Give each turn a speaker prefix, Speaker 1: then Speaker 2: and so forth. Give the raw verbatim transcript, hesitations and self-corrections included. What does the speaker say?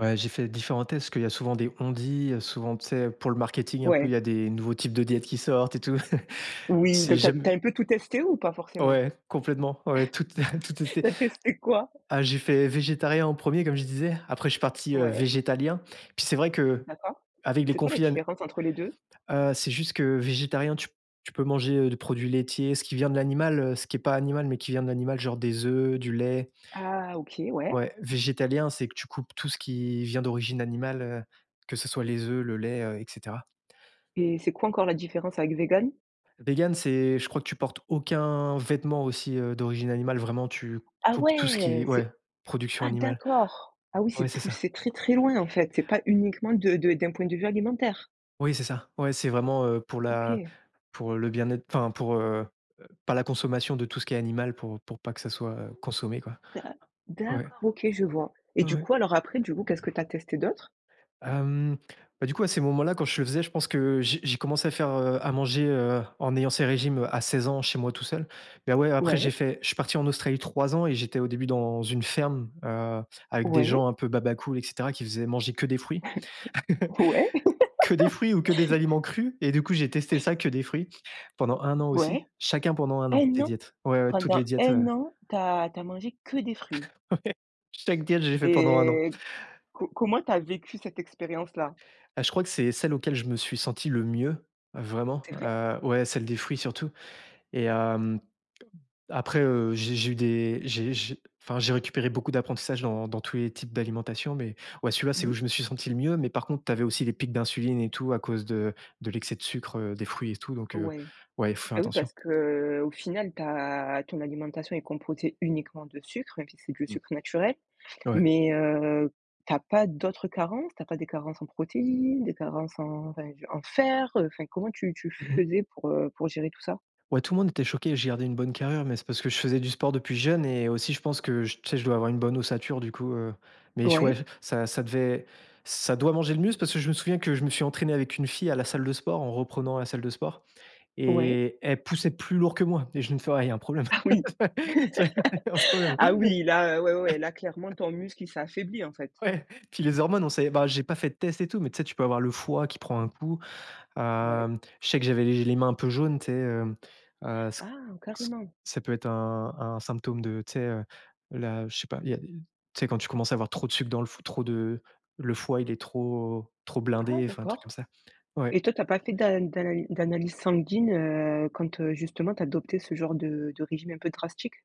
Speaker 1: Ouais, j'ai fait différents tests, parce qu'il y a souvent des on-dit, heu, souvent, tu sais, pour le marketing, un peu, il
Speaker 2: Ouais.
Speaker 1: y a des nouveaux types de diètes qui sortent et tout.
Speaker 2: Oui,
Speaker 1: C'est
Speaker 2: donc tu as tu as
Speaker 1: jam
Speaker 2: un peu tout testé, ou pas forcément?
Speaker 1: Ouais, complètement, ouais, tout te tout testé!
Speaker 2: Tu as testé quoi?
Speaker 1: Ah, j'ai fait végétarien en premier, comme je disais, après je suis parti, heu,
Speaker 2: Ouais.
Speaker 1: végétalien. Puis, c'est vrai que
Speaker 2: D'accord.
Speaker 1: avec des
Speaker 2: C'est quoi la
Speaker 1: conflits à ne
Speaker 2: différence entre les deux?
Speaker 1: heu, c'est juste que végétarien tu p tu peux manger, heu, du produit laitier, ce qui vient de l'animal, heu, ce qui est pas animal, mais qui vient de l'animal, genre des œufs, du lait
Speaker 2: Ah, OK. Ouais.
Speaker 1: ouais, végétalien, c'est que tu coupes tout ce qui vient d'origine animale, heu, que ce soit les œufs, le lait, heu, et cetera.
Speaker 2: Et c'est quoi encore la différence avec végan?
Speaker 1: Végan, c'est, je crois que tu portes aucun vêtement aussi, heu, d'origine animale. Vraiment, tu
Speaker 2: Ah
Speaker 1: coupes tout ce
Speaker 2: ouais,
Speaker 1: qui
Speaker 2: c'est
Speaker 1: ouais, production
Speaker 2: ah,
Speaker 1: animale.
Speaker 2: d'accord! Ah, oui c'est
Speaker 1: Ouais, c'est ça.
Speaker 2: poussé très, très, loin en fait! C'est pas uniquement de de d'un point de vue alimentaire?
Speaker 1: Oui, c'est ça, ouais, c'est vraiment, heu, pour la
Speaker 2: OK.
Speaker 1: pour le bien-être, enfin pour, heu, pas la consommation de tout ce qui est animal, pour pour pas que ça soit, heu, consommé, quoi.
Speaker 2: D'a
Speaker 1: Ouais.
Speaker 2: d'accord, OK, je vois. Et du
Speaker 1: O-ouais.
Speaker 2: coup, alors, après, du coup, qu'est-ce que tu as testé d'autre?
Speaker 1: Hem, bah, du coup, à ces moments-là quand je le faisais, je pense que j'ai j'ai commencé à faire, heu, à manger, heu, en ayant ces régimes, heu, à seize ans, chez moi, tout seul. Mais, ouais, après, j'ai
Speaker 2: Ouais.
Speaker 1: fait je suis parti en Australie trois ans et j'étais, au début, dans une ferme, heu, avec des
Speaker 2: Ouais.
Speaker 1: gens un peu baba cool, et cetera, qui faisaient manger que des fruits.
Speaker 2: Ouais.
Speaker 1: Que des fruits ou que des aliments crus. Et du coup, j'ai testé ça, que des fruits, pendant un an aussi,
Speaker 2: Ouais.
Speaker 1: chacun pendant un an.
Speaker 2: un
Speaker 1: Des
Speaker 2: an?
Speaker 1: diètes, ouais, ouais, toutes
Speaker 2: Pendant
Speaker 1: les diètes,
Speaker 2: un
Speaker 1: ouais.
Speaker 2: an, tu as tu as mangé que des fruits?
Speaker 1: Ouais. Chaque diète, je l'ai fait pendant un an.
Speaker 2: Et
Speaker 1: He
Speaker 2: co comment tu as vécu cette expérience-là?
Speaker 1: Bah, je crois que c'est celle auquel je me suis senti le mieux. Vraiment,
Speaker 2: C'est vrai?
Speaker 1: heu, ouais, celle des fruits, surtout. Et hem, après, heu, j'ai j'ai eu des j'ai j'ai enfin, j'ai récupéré beaucoup d'apprentissage dans dans tous les types d'alimentation. Mais, ouais, celui-là, c'est
Speaker 2: Mmh.
Speaker 1: où je me suis senti le mieux. Mais par contre, tu avais aussi les pics d'insuline et tout à cause de de l'excès de sucre, heu, des fruits et tout, donc, heu,
Speaker 2: Ouais.
Speaker 1: ouais, il faut faire
Speaker 2: Bah, oui
Speaker 1: attention.
Speaker 2: parce qu'au final, ta ton alimentation est composée uniquement de sucre, même si c'est que le
Speaker 1: Mmh.
Speaker 2: sucre naturel.
Speaker 1: Ouais.
Speaker 2: Mais, heu, tu as pas d'autres carences? Tu as pas des carences en protéines, des carences en enfin, en fer, heu, enfin, comment tu tu
Speaker 1: Mmh mh.
Speaker 2: faisais pour, heu, pour gérer tout ça?
Speaker 1: Ouais, tout le monde était choqué, j'ai gardé une bonne carrure, mais c'est parce que je faisais du sport depuis jeune et aussi, je pense que j tu sais, je dois avoir une bonne ossature, du coup, heu. Mais j ouais
Speaker 2: Ouais.
Speaker 1: ça ça devait ça doit manger le muscle, parce que je me souviens que je me suis entraîné avec une fille à la salle de sport, en reprenant la salle de sport
Speaker 2: Ouais.
Speaker 1: et elle poussait plus lourd que moi et je me fais: «Ouais il y a un problème!»
Speaker 2: Ah oui!
Speaker 1: tu vois, il y a un problème
Speaker 2: Ah oui, là, heu, ouais, ouais, là clairement ton muscle, il s'est affaibli, en fait.
Speaker 1: ouais, puis les hormones, on sait bah, j'ai pas fait de test et tout, mais tu sais, tu peux avoir le foie qui prend un coup.
Speaker 2: Ouais.
Speaker 1: Hem, je sais que j'avais les j les mains un peu jaunes, tu sais, hem, heu, ç
Speaker 2: Ah,
Speaker 1: ç
Speaker 2: carrément!
Speaker 1: ça peut être un un symptôme de, tu sais, heu, là, je sais pas, il y a des tu sais, quand tu commences à avoir trop de sucre dans le f trop de le foie il est trop trop
Speaker 2: Ah,
Speaker 1: blindé, enfin, un truc comme
Speaker 2: d'accord.
Speaker 1: ça.
Speaker 2: Et
Speaker 1: Ouais.
Speaker 2: toi tu as pas fait d'a d'analy d'analyse sanguine, heu, quand, heu, justement, tu as adopté ce genre de de régime un peu drastique?